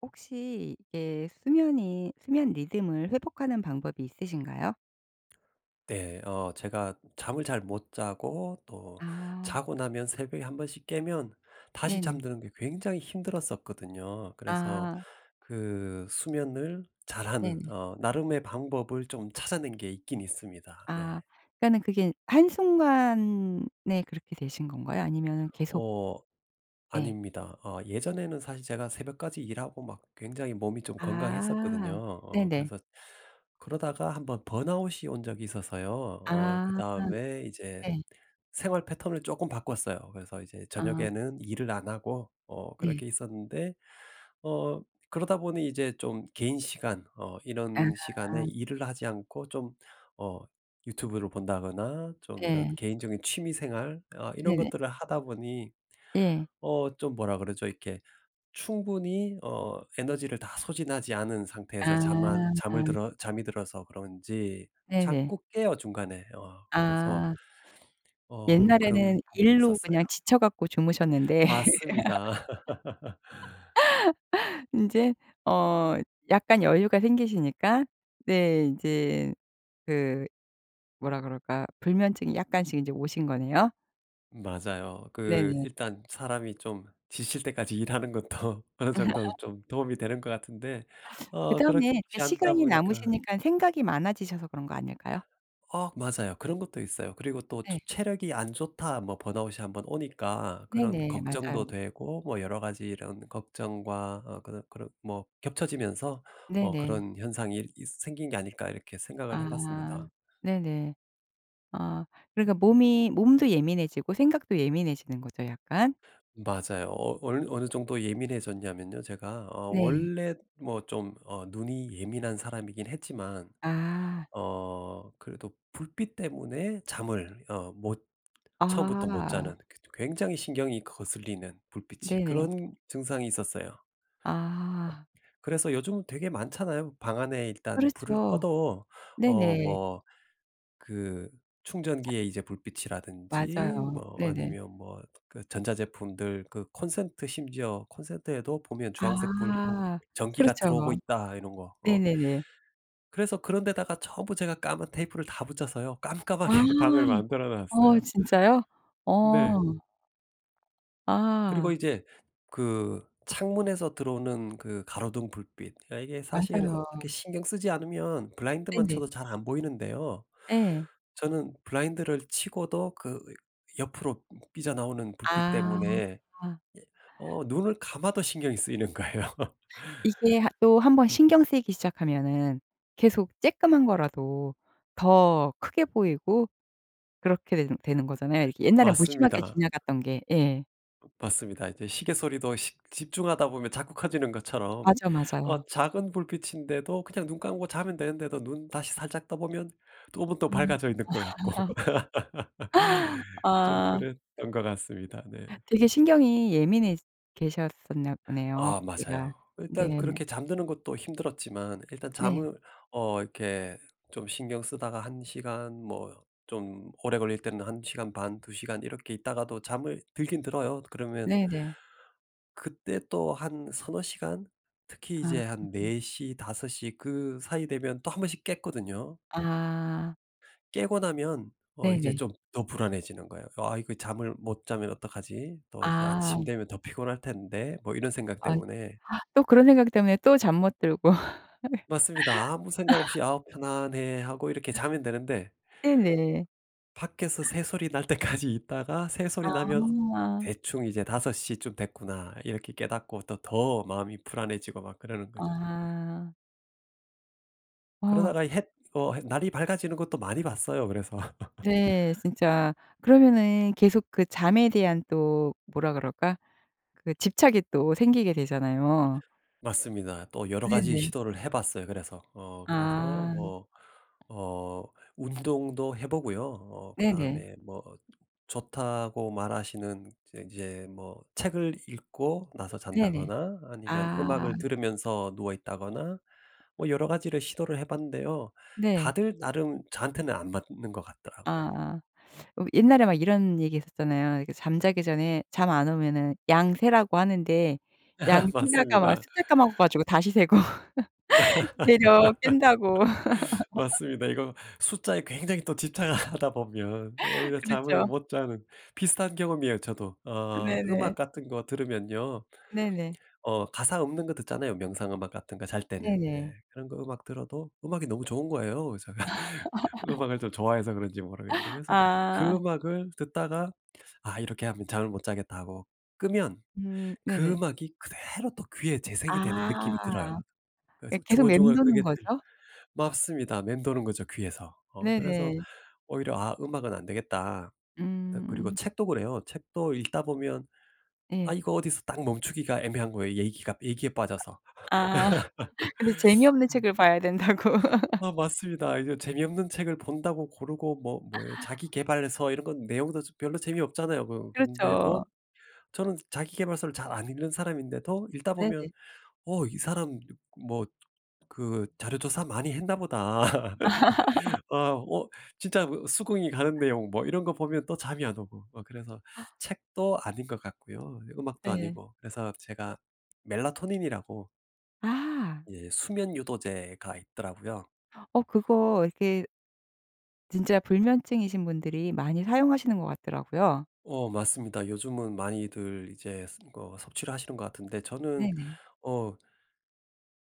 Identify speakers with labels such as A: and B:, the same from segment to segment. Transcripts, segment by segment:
A: 혹시 이게 수면이 수면 리듬을 회복하는 방법이 있으신가요?
B: 네. 어 제가 잠을 잘 못 자고 또
A: 아.
B: 자고 나면 새벽에 1 번씩 깨면 다시
A: 네네.
B: 잠드는 게 굉장히 힘들었었거든요. 그래서
A: 아.
B: 그 수면을 잘하는
A: 네네.
B: 어 나름의 방법을 좀 찾아낸 게 있긴 있습니다. 네.
A: 아. 그러니까 그게 한순간에 그렇게 되신 건가요? 아니면은 계속
B: 어
A: 예.
B: 아닙니다. 어 예전에는 사실 제가 새벽까지 일하고 막 굉장히 몸이 좀 건강했었거든요.
A: 아.
B: 어
A: 네네.
B: 그래서 그러다가 1 번 번아웃이 온 적이 있어서요. 어
A: 아.
B: 그다음에 이제
A: 네.
B: 생활 패턴을 쪼끔 바꿨어요. 그래서 이제
A: 아.
B: 저녁에는 일을 안 하고 어
A: 네.
B: 그렇게 있었는데 어 그러다 보니 이제 좀 개인 시간 어 이런 시간에
A: 아.
B: 일을 하지 않고 좀 어 유튜브를 본다거나 좀 이런
A: 네.
B: 개인적인 취미 생활 어 이런
A: 네네.
B: 것들을 하다 보니
A: 예.
B: 어 좀 뭐라 그러죠? 이렇게 충분히 어 에너지를 다 소진하지 않은 상태에서 잠만 잠을
A: 아.
B: 들어 잠이 들어서 그런지
A: 네네.
B: 자꾸 깨요 중간에. 어 그래서
A: 아.
B: 어 그런
A: 옛날에는
B: 부분이
A: 일로 그냥
B: 있었어요.
A: 지쳐 갖고 주무셨는데
B: 맞습니다.
A: 인제 어 약간 여유가 생기시니까 네 인제 그 뭐라 그럴까요? 불면증이 약간씩 인제 오신 거네요?
B: 맞아요. 그
A: 네네.
B: 일단 사람이 좀 지칠 때까지 일하는 것도 어느 정도는 좀 도움이 되는 것 같은데 어
A: 그다음에
B: 그렇지
A: 이렇게
B: 않다
A: 시간이
B: 보니까
A: 남으시니깐 생각이 많아지셔서 그런 거 아닐까요?
B: 어 맞아요. 그런 것도 있어요. 그리고 또
A: 네.
B: 체력이 안 좋다 뭐 번아웃이 1 번 오니까 그런
A: 네네. 맞아요.
B: 걱정도 되고 뭐 '여러 가지 이런 걱정과 어 그런 그런 뭐 겹쳐지면서 어
A: 네네.
B: 그런 현상 일 있 생긴 게 아닐까.' 이렇게 생각을 해
A: 아
B: 봤습니다.
A: 네네. 어 그러니까 몸이 몸도 예민해지고 생각도 예민해지는 거죠 약간.
B: 맞아요. 어 얼 어느 정도 예민해졌냐면요 제가 어
A: 네.
B: 원래 뭐 좀 어 눈이 예민한 사람이긴 했지만
A: 아.
B: 어 그래도 불빛 때문에 잠을 어 못 처음부터 못
A: 아.
B: 자는 그 저 굉장히 신경이 거슬리는 불빛이
A: 네네.
B: 그런 증상이 있었어요. 업
A: 아.
B: 그래서 요즘은 되게 많잖아요. 방 안에 일단 불을
A: 그렇죠.
B: 꺼도 어
A: 네네.
B: 뭐 그
A: 차
B: 충전기에 이제 불빛이라든지
A: 맞아요.
B: 뭐
A: 네네.
B: 아니면 뭐 그 전자제품들 그 콘센트 심지어 콘센트에도 보면 주황색 불
A: 아.
B: '전기가 들어오고
A: 그렇죠.
B: 있다.' 이런 거 어.
A: 네네네.
B: 그래서 그런 데다가 전부 제가 까만 테이프를 다 붙였어요.
A: 아.
B: 깜깜하게 방을 만들어
A: 어
B: 놨어요.
A: 진짜요?
B: 네.
A: 어.
B: 그리고
A: 아.
B: 이제 그 창문에서 들어오는 그 가로등 불빛 아 이게 사실
A: 맞아요.
B: 어떻게 신경 쓰지 않으면 블라인드만
A: 네네.
B: 쳐도 잘 안 보이는데요.
A: 예.
B: 저는 블라인드를 치고도 그 으 옆으로 으 삐져나오는 불빛
A: 아.
B: 때문에 예 어 눈을 감아도 신경이 쓰이는 거예요.
A: 이게 한 또 1 번 신경 쓰이기 시작하면은 계속 쬐끔한 거라도 더 크게 보이고 그렇게 되는 되는 거잖아요, 옛날에 무심하게
B: 맞습니다.
A: 지나갔던 게. 예.
B: 어 맞습니다. 이제 시계 소리도 시 집중하다 보면 자꾸 커지는 것처럼
A: 맞아
B: 어
A: 맞아요.
B: 작은 불빛인데도 그냥 눈 감고 자면 되는데도 눈 다시 살짝 떠 보면 쪼금 또
A: 음.
B: 밝아져 있는 것 같고
A: 아.
B: 좀
A: 아.
B: 그랬던 것 같습니다. 네.
A: 되게 신경이 예민해 계셨었나 보네요
B: 아
A: 그때가.
B: 맞아요. 일단
A: 네.
B: 그렇게 잠드는 것도 힘들었지만 일단
A: 네.
B: 잠을 어 이렇게 좀 신경 쓰다가 1 시간 뭐 좀 오래 걸릴 때는 1 시간 반, 2 시간 이렇게 있다가도 잠을 들기는 들어요. 그러면
A: 네네.
B: 그때 또 한 3-4 시간 특히 이제
A: 아.
B: 한 4:00 5:00 그 사이 되면 또 1 번씩 깼거든요.
A: 아.
B: 깨고 나면 어 이제
A: 네네.
B: 좀 더 불안해지는 거예요. '아 이거 잠을 못 자면 어떡하지? 또 이제 아침
A: 아.
B: 되면 더 피곤할 텐데?' 뭐 이런 생각
A: 아.
B: 때문에
A: 또 그런 생각 때문에 또 잠 못 들고
B: 맞습니다. 아무 생각 없이 '아우 편안해.' 하고 이렇게 자면 되는데
A: 네네.
B: 밖에서 새소리 날 때까지 있다가 새소리 나면
A: 아.
B: 대충 이제 '5:00 쯤 됐구나.' 이렇게 깨닫고 또 더 마음이 불안해지고 막 그러는 거죠.
A: 아. 아.
B: 그러다가 햇 어 햇 날이 밝아지는 것도 많이 봤어요 그래서.
A: 네 진짜 그러면은 계속 그 잠에 대한 또 뭐라 그럴까? 그 집착이 또 생기게 되잖아요.
B: 맞습니다. 또 여러 가지
A: 네네.
B: 시도를 해 봤어요 그래서. 어 그래서
A: 아.
B: 뭐 어 운동도 해 보고요. 어
A: 네네.
B: 그다음에 뭐 좋다고 말하시는 그 이제 뭐 책을 읽고 나서
A: 네네.
B: 잔다거나 아니면
A: 아.
B: 음악을 들으면서 누워 있다거나 뭐 여러 가지를 시도를 해 봤는데요.
A: 네.
B: 다들 나름 저한테는 안 맞는 것 같더라고요.
A: 아. 어 옛날에 막 이런 얘기 했었잖아요. 이렇게 잠자기 전에 잠 안 오면은 양 세라고 하는데 양 세다가 막
B: 맞습니다.
A: 숫자 까먹어 가지고 다시 세고. 되려 깬다고.
B: 맞습니다. 이거 숫자에 굉장히 또 집착을 하다 보면 오히려 잠을
A: 그렇죠.
B: 못 자는 비슷한 경험이에요 저도. 어 음악
A: 네네.
B: 같은 거 들으면요.
A: 네네.
B: 어 가사 없는 거 듣잖아요 명상 음악 같은 거 잘 때는. 예.
A: 네네.
B: 그런 거 음악 들어도 음악이 너무 좋은 거예요. 그래서 음악을 좀 좋아해서 그런지 모르겠는데 그래서 그
A: 아.
B: 음악을 듣다가 '아 이렇게 하면 잠을 못 자겠다.' 하고 끄면
A: 음
B: 그
A: 네네.
B: 음악이 그대로 또 귀에 재생이 되는
A: 아
B: 느낌이 들어요.
A: 이
B: 그래서
A: 계속
B: 중얼중얼
A: 맴도는
B: 그게 들
A: 거죠?
B: 맞습니다. 맴도는 거죠 귀에서. 어 그래서
A: 네네.
B: 오히려 '아 음악은 안 되겠다.' 그 그리고
A: 음.
B: 책도 그래요. 책도 읽다 보면 아
A: 예.
B: 이거 어디서 딱 멈추기가 애매한 거예요 얘기가 얘기에 빠져서.
A: 아. 근데 재미없는
B: 그런
A: 책을 봐야 된다고.
B: 아 맞습니다. 이거 재미없는 책을 본다고 고르고 뭐 뭐예요 자기계발서 이런 건 내용도 좀 별로 재미없잖아요. 그
A: 그렇죠.
B: 그런데도 저는 자기계발서를 잘 안 읽는 사람인데도 읽다 보면
A: 네네.
B: '어 이 사람 [unintelligible] 뭐 그 자료 조사 많이 했나 보다.' 아 어 진짜 어 수긍이 가는 내용 뭐 이런 거 보면 또 잠이 안 오고. 어 그래서 책도 아닌 것 같고요 음악도
A: 예.
B: 아니고. 그래서 제가 멜라토닌이라고
A: 아.
B: 예 수면 유도제가 있더라고요.
A: 어 그거 이렇게 진짜 불면증이신 분들이 많이 사용하시는 것 같더라고요.
B: 어 맞습니다. 요즘은 많이들 이제 스 어 섭취를 하시는 것 같은데 저는
A: 네네.
B: 어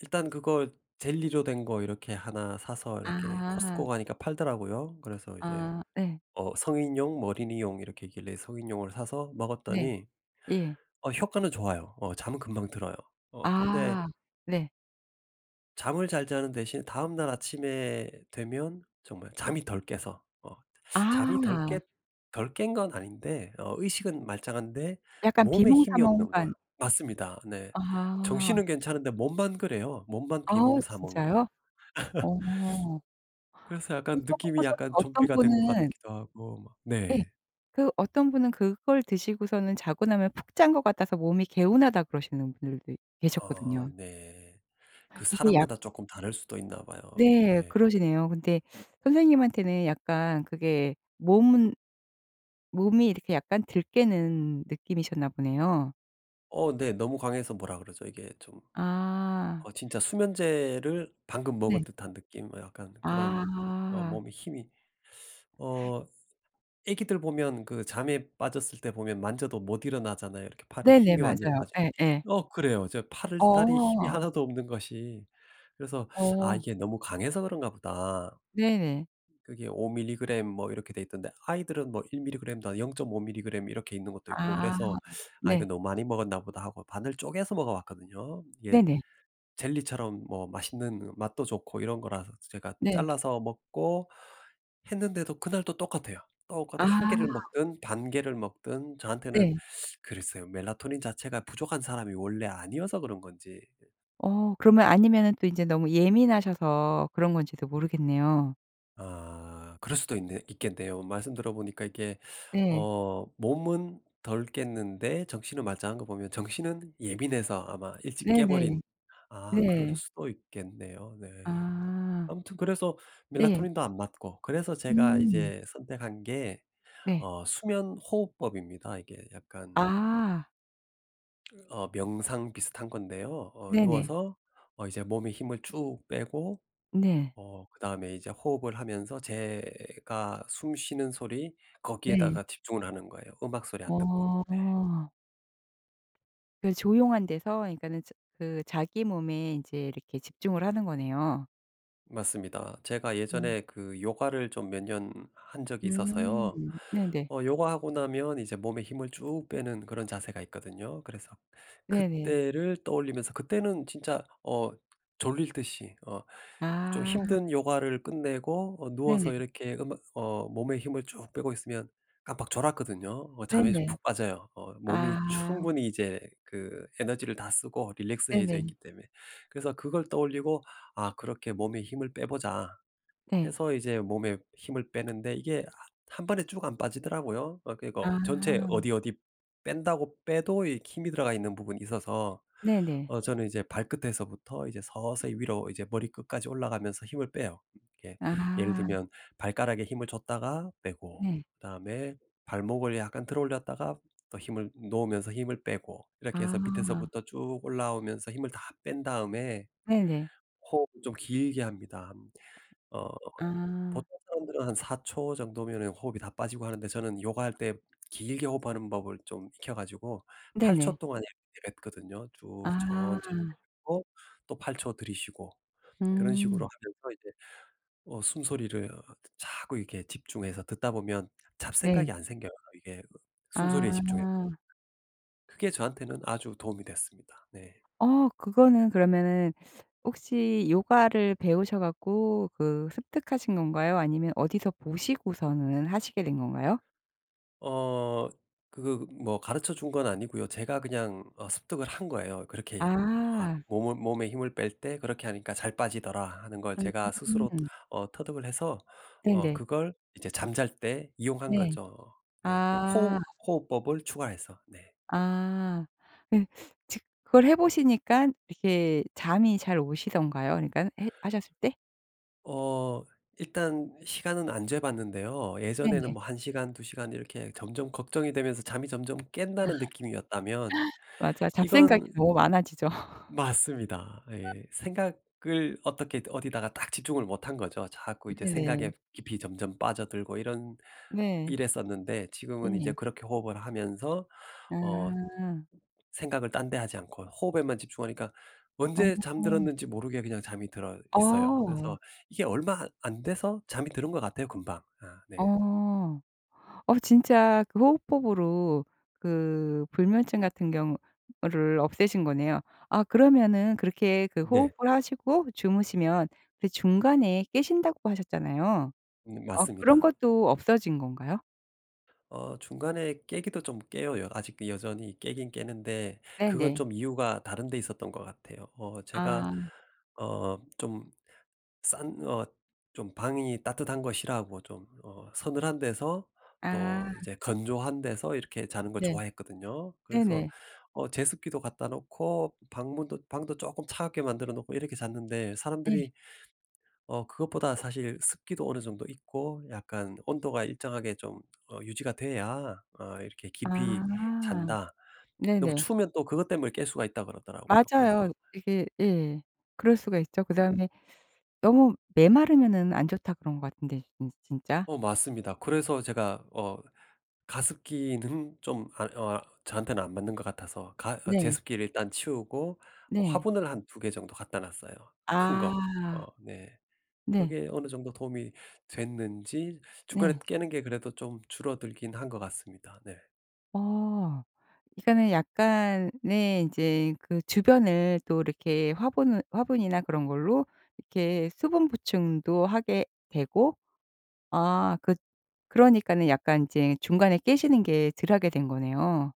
B: 일단 그거 젤리로 된 거 이렇게 1 사서 이렇게
A: 아.
B: 코스트코 가니까 팔더라고요. 그래서 이제
A: 아 예.
B: 어 성인용, 어린이용 이렇게 있길래 성인용을 사서
A: 네.
B: 먹었더니
A: 예.
B: 어 효과는 좋아요. 어 잠은 금방 들어요. 어 근데
A: 아 네.
B: 잠을 잘 자는 대신 다음날 아침에 되면 정말 잠이 덜 깨서 어 잠이 덜 깼
A: 아.
B: 덜 깬 건 아닌데 어 의식은 말짱한데
A: 약간
B: 몸에 힘이 없는 거야.
A: 비몽사몽한.
B: 맞습니다. 네.
A: 아.
B: 정신은 괜찮은데 몸만 그래요. 몸만
A: 아
B: 비몽사몽이에요.
A: 진짜요? 어.
B: 그래서 약간
A: 그거
B: 느낌이
A: 보고서는
B: 약간
A: 어떤
B: 좀비가 된 것
A: 분은
B: 같기도 하고 막
A: 예.
B: 네.
A: 그 어떤 분은 그걸 드시고서는 "자고 나면 푹 잔 것 같아서 몸이 개운하다." 그러시는 분들도
B: 아
A: 계셨거든요.
B: 네. 그
A: 이게 약
B: 사람마다 쪼끔 다를 수도 있나 봐요.
A: 네
B: 네.
A: 그러시네요. 근데 선생님한테는 약간 그게 몸은 몸이 이렇게 약간 덜 깨는 느낌이셨나 보네요.
B: 어 네 너무 강해서 뭐라 그러죠? 이게 좀
A: 아.
B: 어 진짜 수면제를 방금 먹은
A: 네.
B: 듯한 느낌? 어 약간 그런 어
A: 아.
B: 몸에 힘이 어 아기들 보면 그 잠에 빠졌을 때 보면 만져도 못 일어나잖아요. 이렇게 팔에
A: 네네
B: 힘이 완전
A: 맞아요.
B: 빠져
A: 예예.
B: 어 그래요. 저 팔다리 힘이
A: 어.
B: 하나도 없는 것이. 그래서 '아
A: 어.
B: 이게 너무 강해서 그런가 보다'
A: 네네.
B: 그게 5 밀리그램 뭐 이렇게 되어있던데 아이들은 뭐 1 밀리그램도 0.5 밀리그램 이렇게 있는 것도 있고
A: 아
B: 그래서 '아 이거
A: 네.
B: 너무 많이 먹었나 보다.' 하고 반을 쪼개서 먹어 봤거든요. 이게
A: 네네.
B: 젤리처럼 뭐 맛있는 그 맛도 좋고 이런 거라서 제가
A: 네.
B: 잘라서 먹고 했는데도 그날도 똑같아요.
A: 아.
B: 똑같은 1 개를 먹든 반 개를 먹든 저한테는
A: 네.
B: 그랬어요. 멜라토닌 자체가 부족한 사람이 원래 아니어서 그런 건지
A: 어 그러면 아니면은 또 인제 너무 예민하셔서 그런 건지도 모르겠네요.
B: 아 그럴 수도 있네 있겠네요. 말씀 들어 보니까 이렇게
A: 네.
B: 어 몸은 덜 깼는데 정신은 말짱한 거 보면 정신은 예민해서 아마 일찍 깨
A: 네네.
B: 버린 아 그럴
A: 네.
B: 수도 있겠네요. 네.
A: 아.
B: 아무튼 그래서
A: 네.
B: 멜라토닌도 안 맞고 그래서 제가
A: 음.
B: 이제 선택한 게
A: 네.
B: 어 수면 호흡법입니다. 이게 약간
A: 아.
B: 어 명상 비슷한 건데요 어
A: 네네.
B: 누워서 어 이제 몸에 힘을 쭉 빼고
A: 네.
B: 어 그다음에 이제 호흡을 하면서 제가 숨 쉬는 소리
A: 네.
B: 거기에다가 집중을 하는 거예요 음악 소리 안 듣고. 네.
A: 어. 그래서 조용한 데서 이 그러니까는 저 그 자기 몸에 인제 이렇게 집중을 하는 거네요.
B: 맞습니다. 제가
A: 음.
B: 예전에 그 요가를 좀 몇 년 한 적이
A: 음
B: 있어서요
A: 네네.
B: 어 요가하고 나면 이제 몸에 힘을 쭉 빼는 그런 자세가 있거든요. 그래서
A: 네네.
B: 그때를 떠올리면서 그때는 진짜 어 졸리듯이 어 좀
A: 아.
B: 힘든 요가를 끝내고 어 누워서
A: 네네.
B: 이렇게 음악 어 몸에 힘을 쭉 빼고 있으면 깜빡 졸았거든요. 어 잠에 수
A: 네네.
B: 푹 빠져요. 어 몸이
A: 아.
B: 충분히 이제 그 에너지를 다 쓰고 릴렉스해져
A: 네네.
B: 있기 때문에. 그래서 그걸 떠올리고 '아 그렇게 몸에 힘을 빼 보자.'
A: 네.
B: 해서 이제 몸에 힘을 빼는데 이게 하 한 번에 쭉 안 빠지더라고요. 어 그리고 전체
A: 아.
B: 어디 어디 뺀다고 빼도 이 힘이 들어가 있는 부분이 있어서
A: 네네.
B: 어 저는 이제 발끝에서부터 이제 서서히 위로 이제 머리끝까지 올라가면서 힘을 빼요. 예. 예를
A: 아.
B: 들면 발가락에 힘을 줬다가 빼고
A: 네.
B: 그다음에 발목을 약간 들어 올렸다가 또 힘을 놓으면서 힘을 빼고 이렇게 해서
A: 아.
B: 밑에서부터 쭉 올라오면서 힘을 다 뺀 다음에
A: 네네.
B: 호흡을 좀 길게 합니다. 어
A: 아.
B: 보통 사람들은 한 4 초 정도면 호흡이 다 빠지고 하는데 저는 요가할 때 길게 호흡하는 법을 좀 익혀 가지고 8 초
A: 네네
B: 동안 이렇게 내뱉거든요. 쭉 천천히
A: 아.
B: 내뱉고 또 8 초 들이쉬고 그런 식으로
A: 음.
B: 하면서 이제 어 숨소리를 어 자꾸 이렇게 집중해서 듣다 보면 잡생각이
A: 네.
B: 안 생겨요. 이게 숨소리에 집중해
A: 아.
B: 그게 저한테는 아주 도움이 됐습니다. 네.
A: 어 그거는 그러면은 혹시 요가를 배우셔 갖고 그 습득하신 건가요 아니면 어디서 보시고서는 하시게 된 건가요?
B: 어 그거 뭐 가르쳐 준 건 아니고요 제가 그냥 어 습득을 한 거예요. 그렇게 아
A: 아.
B: 몸을 '몸에 힘을 뺄 때 그렇게 하니까 잘 빠지더라.' 하는 걸 제가 스스로
A: 음.
B: 어 터득을 해서 어
A: 네네.
B: 그걸 이제 잠잘 때 이용한
A: 네.
B: 거죠. 네.
A: 아.
B: 호흡 호흡법을 추가해서. 네.
A: 아. 그 즉 그걸 해 보시니깐 이렇게 잠이 잘 오시던가요 그러니깐 했 하셨을 때?
B: 어 일단 시간은 안 재 봤는데요 예전에는
A: 네네.
B: 뭐 1 시간, 2 시간 이렇게 점점 걱정이 되면서 잠이 점점
A: 아.
B: 깬다는 느낌이었다면
A: 맞아요. 잡생각이
B: 이건
A: 너무 많아지죠.
B: 맞습니다. 예. 생각을 어떻게든 어디다가 딱 집중을 못한 거죠. 자꾸 이제 생각에
A: 네네.
B: 깊이 점점 빠져들고 이런
A: 네.
B: 이랬었는데 지금은 이제
A: 네.
B: 그렇게 호흡을 하면서 어
A: 아.
B: 생각을 딴 데 하지 않고 호흡에만 집중하니까 언제
A: 어.
B: 잠들었는지 모르게 그냥 잠이 들어 있어요.
A: 어.
B: 그래서 이게 얼마 안 안 돼서 잠이 드는 것 같아요 금방. 아 네.
A: 어. 어 진짜 그 호흡법으로 그 불면증 같은 경우를 없애신 거네요. 아 그러면은 그렇게 그
B: 네.
A: 호흡을 하시고 주무시면 그 중간에 깨신다고 하셨잖아요?
B: 음
A: 어 그런
B: 맞습니다.
A: 것도 없어진 건가요?
B: 어 중간에 깨기도 좀 깨요. 여 아직 여전히 깨긴 깨는데 그건
A: 네네.
B: 좀 이유가 다른 데 있었던 것 같아요. 어 제가
A: 아.
B: 어 좀 싼 어 좀 방이 따뜻한 거 싫어하고 좀 어 서늘한 데서 또
A: 아.
B: 이제 건조한 데서 이렇게 자는 걸
A: 네.
B: 좋아했거든요. 그래서
A: 네네.
B: 어 제습기도 갖다 놓고 방문도 방도 쪼끔 차갑게 만들어 놓고 이렇게 잤는데
A: 예.
B: 사람들이 어 "그것보다 사실 습기도 어느 정도 있고 약간 온도가 일정하게 좀 어 유지가 돼야 어 이렇게 깊이
A: 아.
B: 잔다." 너무
A: 네네.
B: 추우면 또 그것 때문에 깰 수가 있다고 그러더라고요.
A: 맞아요.
B: 그래서
A: 이게 예 그럴 수가 있죠.
B: 그
A: 그다음에 "너무 메마르면은 안 좋다." 그런 것 같은데, 진 진짜.
B: 어 맞습니다. 그래서 제가 어 가습기는 좀 아 어 저한테는 안 맞는 것 같아서 가 어
A: 네.
B: 제습기를 일단 치우고 어
A: 네.
B: 화분을 한 2 개 정도 갖다 놨어요, 큰 거.
A: 아.
B: 어 네.
A: 네.
B: 그게 어느 정도 도움이 됐는지 중간에
A: 네.
B: 깨는 게 그래도 좀 줄어들긴 한 것 같습니다. 네.
A: 어 이거는 약간의 인제 그 주변을 또 이렇게 화분을 화분이나 그런 걸로 이렇게 수분 보충도 하게 되고 아 그 그러니깐은 약간 인제 중간에 깨시는 게 덜 하게 된 거네요.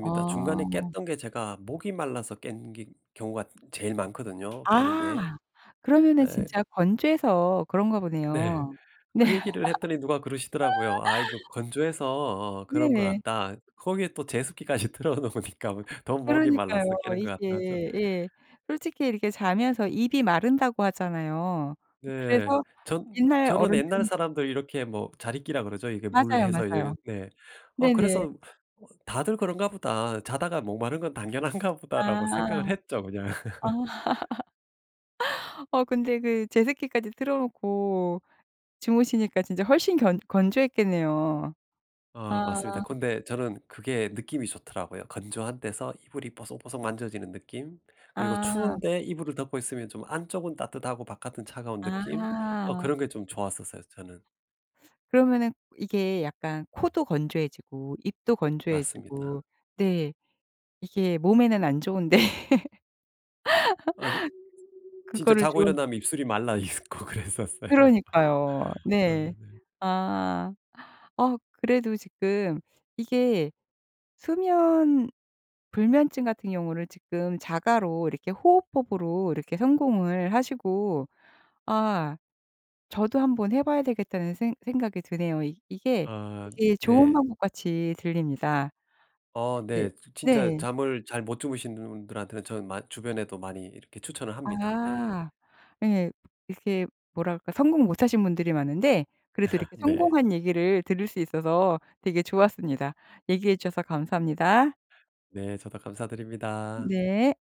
A: 아.
B: 중간에 깼던 게 제가 목이 말라서 깬 기 경우가 제일 많거든요 깨는 게.
A: 아 그러면은
B: 예
A: 진짜 건조해서 그런가
B: 네.
A: 보네요. 네.
B: 그 얘기를 했더니 누가 그러시더라고요. "아 이거 건조해서 어 그런 것
A: 네.
B: 같다." 거기에 또 제습기까지 틀어 놓으니까 더 목이 말라서
A: 그러니까요.
B: 깨는 것 같다죠.
A: 이게 예 솔직히 이렇게 자면서 입이 마른다고 하잖아요. 이
B: 네.
A: 그래서
B: 저
A: 옛날
B: 저는 옛날
A: 어른들은
B: 사람들 이렇게 뭐 자리끼라 그러죠. 이게 물
A: 맞아요,
B: 해서 이거
A: 맞아요.
B: 네 어
A: 네네.
B: 그래서 '어 다들 그런가 보다. 자다가 목 마른 건 당연한가
A: 아.
B: 보다.'라고 생각을 했죠 그냥.
A: 아. 어 근데 그 제습기까지 틀어 놓고 주무시니까 진짜 훨씬 건 건조했겠네요.
B: 어
A: 아
B: 맞습니다. 근데 저는 그게 느낌이 좋더라고요. 건조한 데서 이불이 뽀송뽀송 만져지는 느낌. 그리고
A: 아.
B: 추운데 이불을 덮고 있으면 좀 안쪽은 따뜻하고 바깥은 차가운 느낌. 어
A: 아.
B: 그런 게 좀 좋았었어요, 저는.
A: 그러면은 이게 약간 코도 건조해지고 입도
B: 맞습니다.
A: 건조해지고 네 이게 몸에는 안 좋은데
B: 아 이 진짜
A: 그거를
B: 자고
A: 좀
B: 일어나면 입술이 말라 있고 그랬었어요.
A: 그러니까요.
B: 아
A: 네.
B: 네.
A: 아 어 그래도 지금 이게 수면 불면증 같은 경우를 지금 자가로 이렇게 호흡법으로 이렇게 성공을 하시고 아 저도 한번 해봐야 되겠다는 생 생각이 드네요. 이 이게
B: 아
A: 되게 좋은
B: 네.
A: 방법같이 들립니다.
B: 어
A: 이게
B: 네. 지 진짜
A: 네.
B: 잠을 잘 못 주무신 분들한테는 저는 마 주변에도 많이 이렇게 추천을 합니다. 네.
A: 아 예. 이렇게 뭐랄까 성공 못 하신 분들이 많은데 그래서 이렇게
B: 네.
A: 성공한 얘기를 들을 수 있어서 되게 좋았습니다. 얘기해 주셔서 감사합니다.
B: 네, 저도 감사드립니다.
A: 네.